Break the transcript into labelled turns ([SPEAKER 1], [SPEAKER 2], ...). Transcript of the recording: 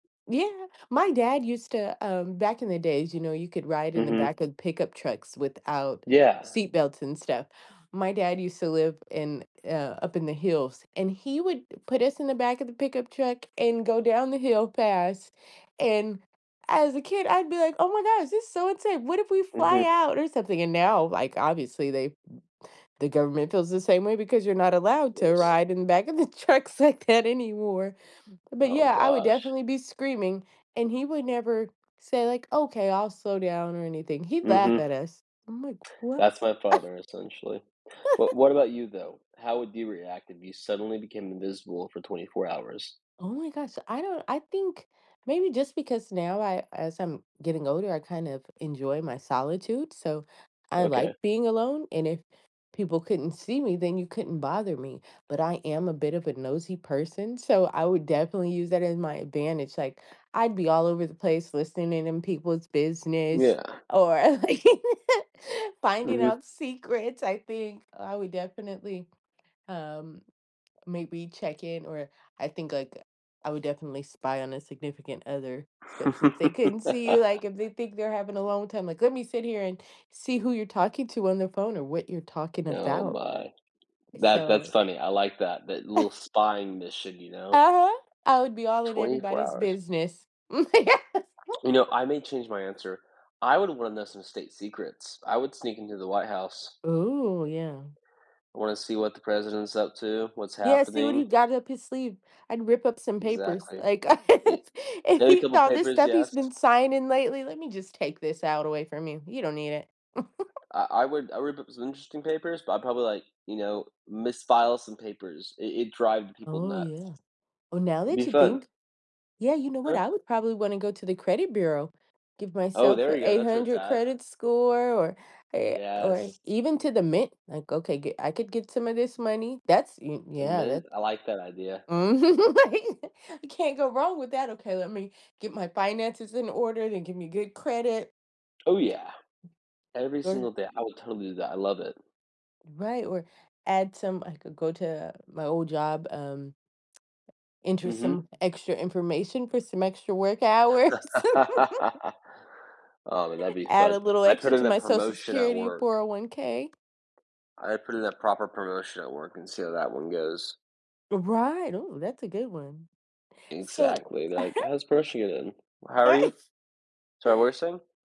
[SPEAKER 1] Yeah, my dad used to, um, back in the days, you know, you could ride in the
[SPEAKER 2] Mhm.
[SPEAKER 1] back of pickup trucks without
[SPEAKER 2] Yeah.
[SPEAKER 1] seatbelts and stuff. My dad used to live in, uh, up in the hills, and he would put us in the back of the pickup truck and go down the hill fast, and as a kid, I'd be, like, "oh, my gosh. This is so insane. What if we fly
[SPEAKER 2] Mhm.
[SPEAKER 1] out or something"? And now, like, obviously they, the government feels the same way because you're not allowed to
[SPEAKER 2] Yes.
[SPEAKER 1] ride in the back of the trucks, like, that anymore. But,
[SPEAKER 2] Oh,
[SPEAKER 1] yeah, I would
[SPEAKER 2] gosh.
[SPEAKER 1] definitely be screaming, and he would never say, like, "Okay, I'll slow down or anything." He'd laugh at
[SPEAKER 2] Mhm.
[SPEAKER 1] us. I'm, like, "What"?
[SPEAKER 2] That's my father, essentially. But, what about you though? How would you react if you suddenly became invisible for 24 hours?
[SPEAKER 1] Oh, my gosh, I don't, I think maybe just because now I, as I'm getting older, I kind of enjoy my solitude, so, I, like,
[SPEAKER 2] Okay.
[SPEAKER 1] being alone, and if people couldn't see me, then you couldn't bother me. But I am a bit of a nosy person, so, I would definitely use that as my advantage, like, I'd be all over the place listening in, in people's business,
[SPEAKER 2] Yeah.
[SPEAKER 1] or, like, finding
[SPEAKER 2] Mhm.
[SPEAKER 1] out secrets, I think I would definitely, um, m maybe check in or I think, like, I would definitely spy on a significant other, especially if they couldn't see you, like, if they think they're having a long time, like, let me sit here and see who you're talking to on the phone or what you're talking
[SPEAKER 2] Oh,
[SPEAKER 1] about
[SPEAKER 2] my, that that's
[SPEAKER 1] so...
[SPEAKER 2] funny, I like that that little spying mission, you know.
[SPEAKER 1] Uh-huh, I would be all in
[SPEAKER 2] 24
[SPEAKER 1] everybody's
[SPEAKER 2] hours.
[SPEAKER 1] business.
[SPEAKER 2] You know, I may change my answer. I would want to know some state secrets. I would sneak into the White House.
[SPEAKER 1] Ooh, yeah.
[SPEAKER 2] I wanna see what the president's up to, what's
[SPEAKER 1] Yeah, see what he
[SPEAKER 2] happening.
[SPEAKER 1] got up his sleeve. I'd rip up some papers,
[SPEAKER 2] Exactly,
[SPEAKER 1] like,
[SPEAKER 2] I
[SPEAKER 1] if if
[SPEAKER 2] steal a
[SPEAKER 1] he
[SPEAKER 2] couple of
[SPEAKER 1] saw this
[SPEAKER 2] papers,
[SPEAKER 1] stuff he's
[SPEAKER 2] yes.
[SPEAKER 1] been signing lately, let me just take this out away from you. You don't need it.
[SPEAKER 2] I I would I would put some interesting papers, but, I probably like, you know, misfile some papers, it it drives people
[SPEAKER 1] Oh,
[SPEAKER 2] nuts.
[SPEAKER 1] yeah. Oh, now that
[SPEAKER 2] Be
[SPEAKER 1] you
[SPEAKER 2] fun.
[SPEAKER 1] think, yeah, you know what?
[SPEAKER 2] Huh?
[SPEAKER 1] I would probably wanna go to the credit bureau, give
[SPEAKER 2] Oh,
[SPEAKER 1] myself
[SPEAKER 2] there
[SPEAKER 1] an
[SPEAKER 2] you go,
[SPEAKER 1] eight
[SPEAKER 2] that's where it's
[SPEAKER 1] hundred
[SPEAKER 2] at.
[SPEAKER 1] credit score, or eh, or
[SPEAKER 2] Yes.
[SPEAKER 1] even to the Mint, like, okay, I could get some of this money, that's, y
[SPEAKER 2] The
[SPEAKER 1] yeah, that's
[SPEAKER 2] Mint, I like that idea.
[SPEAKER 1] Mhm. [unintelligible] I can't go wrong with that okay, let me get my finances in order, then give me good credit.
[SPEAKER 2] Oh, yeah, every
[SPEAKER 1] Good.
[SPEAKER 2] single day, I would totally do that. I love it.
[SPEAKER 1] Right, or add some I could go to my old job, um Enter
[SPEAKER 2] Mhm.
[SPEAKER 1] some extra information for some extra work hours.
[SPEAKER 2] Oh, that'd be
[SPEAKER 1] Add
[SPEAKER 2] fun.
[SPEAKER 1] a little
[SPEAKER 2] I put
[SPEAKER 1] extra
[SPEAKER 2] in
[SPEAKER 1] to
[SPEAKER 2] a
[SPEAKER 1] my Social
[SPEAKER 2] promotion at
[SPEAKER 1] Security,
[SPEAKER 2] work.
[SPEAKER 1] 401k.
[SPEAKER 2] I put in a proper promotion at work and see how that one goes.
[SPEAKER 1] Right. Oh, that's a good one. So
[SPEAKER 2] Exactly, they're, like, how's [unintelligible] it in. How are you?
[SPEAKER 1] [unintelligible]
[SPEAKER 2] Sorry, what were you saying?